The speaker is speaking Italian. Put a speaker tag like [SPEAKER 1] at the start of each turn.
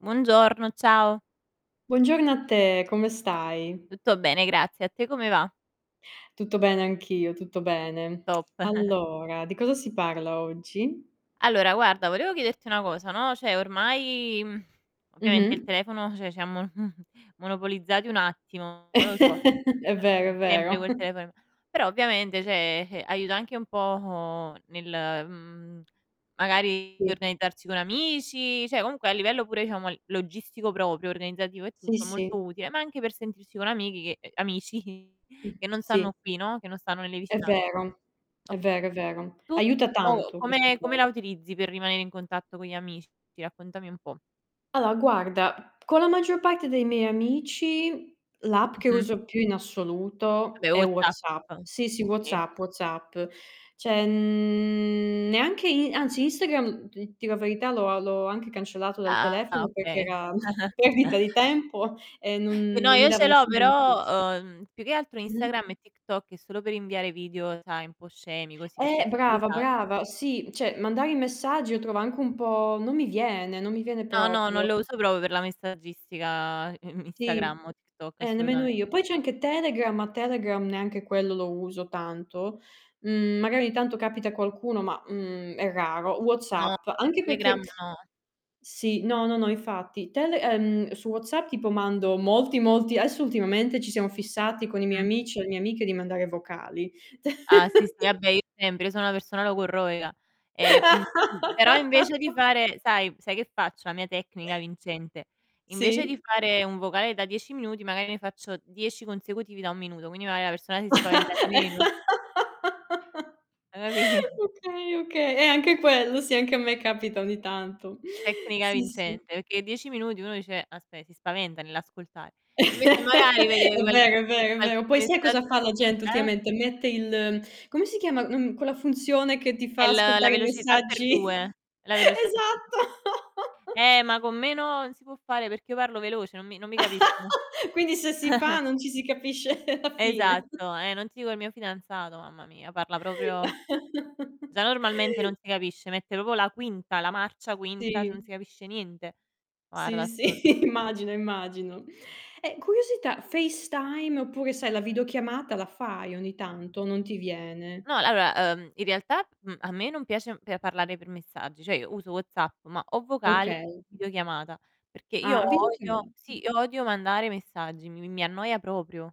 [SPEAKER 1] Buongiorno, ciao.
[SPEAKER 2] Buongiorno a te, come stai?
[SPEAKER 1] Tutto bene, grazie. A te come va?
[SPEAKER 2] Tutto bene anch'io, tutto bene.
[SPEAKER 1] Top.
[SPEAKER 2] Allora, di cosa si parla oggi?
[SPEAKER 1] Allora guarda, volevo chiederti una cosa, no, cioè ormai, mhmm, ovviamente il
[SPEAKER 2] Mh-mh.
[SPEAKER 1] telefono cioè ci ha mon monopolizzati un attimo, non lo so.
[SPEAKER 2] È
[SPEAKER 1] E
[SPEAKER 2] vero,
[SPEAKER 1] beh,
[SPEAKER 2] è vero.
[SPEAKER 1] sempre quel telefono in m però ovviamente, cioè, eh, aiuta anche un po' nel, mhmm, magari per
[SPEAKER 2] Sì.
[SPEAKER 1] organizzarci con amici, cioè comunque a livello pure diciamo l logistico proprio, organizzativo e
[SPEAKER 2] Sì,
[SPEAKER 1] tutto, molto
[SPEAKER 2] sì.
[SPEAKER 1] utile, ma anche per sentirsi con amiche che amici,
[SPEAKER 2] Mh.
[SPEAKER 1] che non
[SPEAKER 2] Sì.
[SPEAKER 1] stanno qui, no, che non stanno nelle
[SPEAKER 2] È
[SPEAKER 1] vicinanze.
[SPEAKER 2] vero. È
[SPEAKER 1] Oka
[SPEAKER 2] vero, è vero.
[SPEAKER 1] tu
[SPEAKER 2] Aiuta
[SPEAKER 1] co
[SPEAKER 2] tanto questa
[SPEAKER 1] come come la
[SPEAKER 2] cosa.
[SPEAKER 1] utilizzi per rimanere in contatto con gli amici? Raccontami un po'.
[SPEAKER 2] Allora guarda, con la maggior parte dei miei amici l'app che
[SPEAKER 1] Mh-mh.
[SPEAKER 2] uso più in assoluto
[SPEAKER 1] Vabbè
[SPEAKER 2] è
[SPEAKER 1] WhatsApp,
[SPEAKER 2] WhatsApp. Sì, sì,
[SPEAKER 1] sì.
[SPEAKER 2] WhatsApp, WhatsApp. Cioè, mhmm, neanche i anzi Instagram, d dir la verità, l'ho a l'ho anche cancellato dal
[SPEAKER 1] Ah,
[SPEAKER 2] telefono perché
[SPEAKER 1] okay.
[SPEAKER 2] era perdita di tempo e non
[SPEAKER 1] Eh no,
[SPEAKER 2] non mi
[SPEAKER 1] io
[SPEAKER 2] dava
[SPEAKER 1] ce l'ho,
[SPEAKER 2] nessun beneficio.
[SPEAKER 1] però, uhm, più che altro
[SPEAKER 2] Mh-mh.
[SPEAKER 1] Instagram e TikTok è solo per inviare video, sai, un po' scemi, così per
[SPEAKER 2] Eh,
[SPEAKER 1] farsi 2
[SPEAKER 2] brava,
[SPEAKER 1] risate.
[SPEAKER 2] brava. Sì, cioè mandare i messaggi lo trovo anche un po' non mi viene, non mi viene
[SPEAKER 1] No, no, non lo
[SPEAKER 2] proprio.
[SPEAKER 1] uso proprio per la messaggistica
[SPEAKER 2] Sì,
[SPEAKER 1] Instagram o TikTok,
[SPEAKER 2] eh, nemmeno
[SPEAKER 1] assolutamen
[SPEAKER 2] io. Poi c'è anche Telegram, ma Telegram neanche quello lo uso tanto. Mhmm, magari ogni tanto capita qualcuno, ma, mhmm, è raro.
[SPEAKER 1] No,
[SPEAKER 2] WhatsApp, anche
[SPEAKER 1] Telegram
[SPEAKER 2] perché
[SPEAKER 1] no.
[SPEAKER 2] sì, no, no, no, infatti. Tele ehm, su WhatsApp tipo mando molti, molti adesso ultimamente ci siamo fissati con i miei
[SPEAKER 1] Mh-mh.
[SPEAKER 2] amici e le mie amiche di mandare vocali.
[SPEAKER 1] Ah sì, sì, vabbè io sempre, io sono una persona logorroica. Ehm, mhmm, però invece di fare sai sai che faccio, la mia tecnica vincente? Invece di
[SPEAKER 2] Sì.
[SPEAKER 1] fare un vocale da 10 minuti, magari ne faccio 10 consecutivi da 1 minuto, quindi magar la persona si spaventa di meno. Ha capi
[SPEAKER 2] Okay, okay. E anche quello sì, anche a me capita ogni tanto.
[SPEAKER 1] Tecnica
[SPEAKER 2] Sì, sì.
[SPEAKER 1] vincente, perché 10 minuti uno dice: "Aspè, si spaventa nell'ascoltare". Invece magari vede
[SPEAKER 2] È
[SPEAKER 1] qual
[SPEAKER 2] vero, è vero, è
[SPEAKER 1] qualche
[SPEAKER 2] vero. Poi sia
[SPEAKER 1] messaggi
[SPEAKER 2] cosa fa la gente
[SPEAKER 1] eh?
[SPEAKER 2] ultimamente? Mette il come si chiama, mhmm, quella funzione che ti
[SPEAKER 1] È
[SPEAKER 2] fa
[SPEAKER 1] l la
[SPEAKER 2] ascoltare i
[SPEAKER 1] velocità per
[SPEAKER 2] messaggi
[SPEAKER 1] 2, la velocità per 2.
[SPEAKER 2] esatto.
[SPEAKER 1] Eh, ma con meno non si può fare perché io parlo veloce, non mi non mi capiscono.
[SPEAKER 2] Quindi se si fa non ci si capisce la fine.
[SPEAKER 1] Esatto, eh, non ti dico il mio fidanzato, mamma mia, parla proprio già normalmente non si capisce, mette proprio la quinta, la marcia quinta, non
[SPEAKER 2] Sì.
[SPEAKER 1] si capisce niente. Guarda,
[SPEAKER 2] Sì,
[SPEAKER 1] assurdo.
[SPEAKER 2] sì, immagino, immagino. E curiosità: FaceTime oppure sai, la videochiamata la fai ogni tanto o non ti viene?
[SPEAKER 1] No, allora, uhm, in realtà, mhmm, a me non piace pe parlare per messaggi. Cioè io uso WhatsApp, ma o vocali o
[SPEAKER 2] Okay.
[SPEAKER 1] videochiamata. Perché io
[SPEAKER 2] Ah,
[SPEAKER 1] odio
[SPEAKER 2] videochiamata.
[SPEAKER 1] sì, io odio mandare messaggi, mi mi mi annoia proprio.